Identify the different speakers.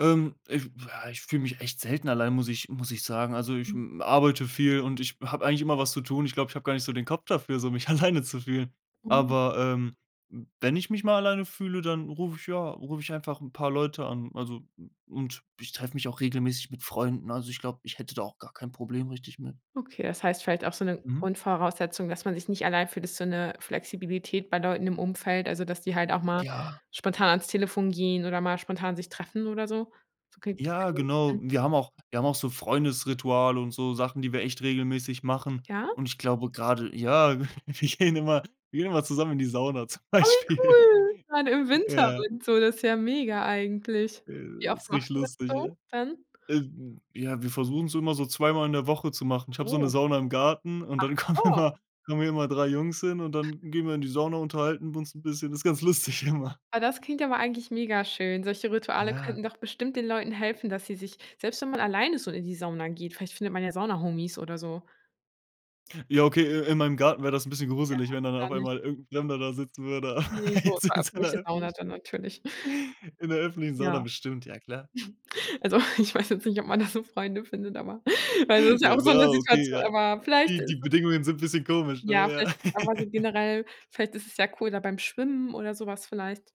Speaker 1: Ähm, ich ja ich fühle mich echt selten allein, muss ich muss ich sagen. Also, ich,
Speaker 2: Hm.
Speaker 1: hm, arbeite viel, und ich habe eigentlich immer was zu tun. Ich glaube, ich habe gar nicht so den Kopf dafür, so mich alleine zu fühlen.
Speaker 2: Mhm.
Speaker 1: Aber, ähm, wenn ich mich mal alleine fühle, dann rufe ich ja, rufe ich einfach 'n paar Leute an. Also, u und ich treffe mich auch regelmäßig mit Freunden. Also, ich glaube, ich hätte da auch gar kein Problem richtig mehr.
Speaker 2: Okay, das heißt vielleicht auch so 'ne
Speaker 1: Mhm.
Speaker 2: Grundvoraussetzung, dass man sich nicht allein fühlt, ist so 'ne Flexibilität bei Leuten im Umfeld, also dass die halt auch mal
Speaker 1: Ja.
Speaker 2: spontan ans Telefon gehen oder mal spontan sich treffen oder so? So geht's
Speaker 1: Ja, genau.
Speaker 2: [unintelligible]
Speaker 1: Wir haben auch wir haben auch so Freundesrituale und so Sachen, die wir echt regelmäßig machen.
Speaker 2: Ja?
Speaker 1: Und ich glaube gerade ja, w wir gehen immer wir gehen immer zusammen in die Sauna zum
Speaker 2: Oh, wie
Speaker 1: Beispiel.
Speaker 2: cool gerade im Winter
Speaker 1: Ja.
Speaker 2: und so, das ist ja mega eigentlich. Wie
Speaker 1: Äh,
Speaker 2: oft
Speaker 1: ist
Speaker 2: macht
Speaker 1: richtig
Speaker 2: ihr das
Speaker 1: lustig, ja.
Speaker 2: so dann?
Speaker 1: Äh, d ja, wir versuchen es immer so 2 Mal in der Woche zu machen. Ich habe so 'ne
Speaker 2: Oh.
Speaker 1: Sauna im Garten und
Speaker 2: Ach
Speaker 1: dann kommen
Speaker 2: so.
Speaker 1: immer kommen hier immer 3 Jungs hin, und dann gehen wir in die Sauna, unterhalten wir uns 'n bisschen. Ist ganz lustig immer.
Speaker 2: Ah, das klingt ja mal eigentlich mega schön. Solche Rituale
Speaker 1: Ja.
Speaker 2: könnten doch bestimmt den Leuten helfen, dass sie sich selbst wenn man alleine so in die Sauna geht, vielleicht findet man ja Sauna-Homies oder so.
Speaker 1: Ja, okay, i in meinem Garten wäre das 'n bisschen
Speaker 2: Ja,
Speaker 1: gruselig, wenn dann auf
Speaker 2: dann nicht.
Speaker 1: einmal irgend 'n Fremder da sitzen würde.
Speaker 2: Ne, so
Speaker 1: Jetzt
Speaker 2: 'ne
Speaker 1: in so 'ner
Speaker 2: öffentliche Sauna dann
Speaker 1: öffentlichen
Speaker 2: natürlich.
Speaker 1: In 'ner öffentlichen Sauna
Speaker 2: Ja.
Speaker 1: bestimmt, ja klar.
Speaker 2: Also, ich weiß jetzt nicht, ob man da so Freunde findet, aber weil das ist ja auch
Speaker 1: Ja,
Speaker 2: so 'ne
Speaker 1: wäre okay,
Speaker 2: Situation,
Speaker 1: ja.
Speaker 2: aber vielleicht
Speaker 1: Die
Speaker 2: ist
Speaker 1: die
Speaker 2: es
Speaker 1: Bedingungen sind 'n bisschen komisch, ne,
Speaker 2: Ja,
Speaker 1: ja?
Speaker 2: vielleicht einfach so generell vielleicht ist es ja cool da beim Schwimmen oder sowas vielleicht.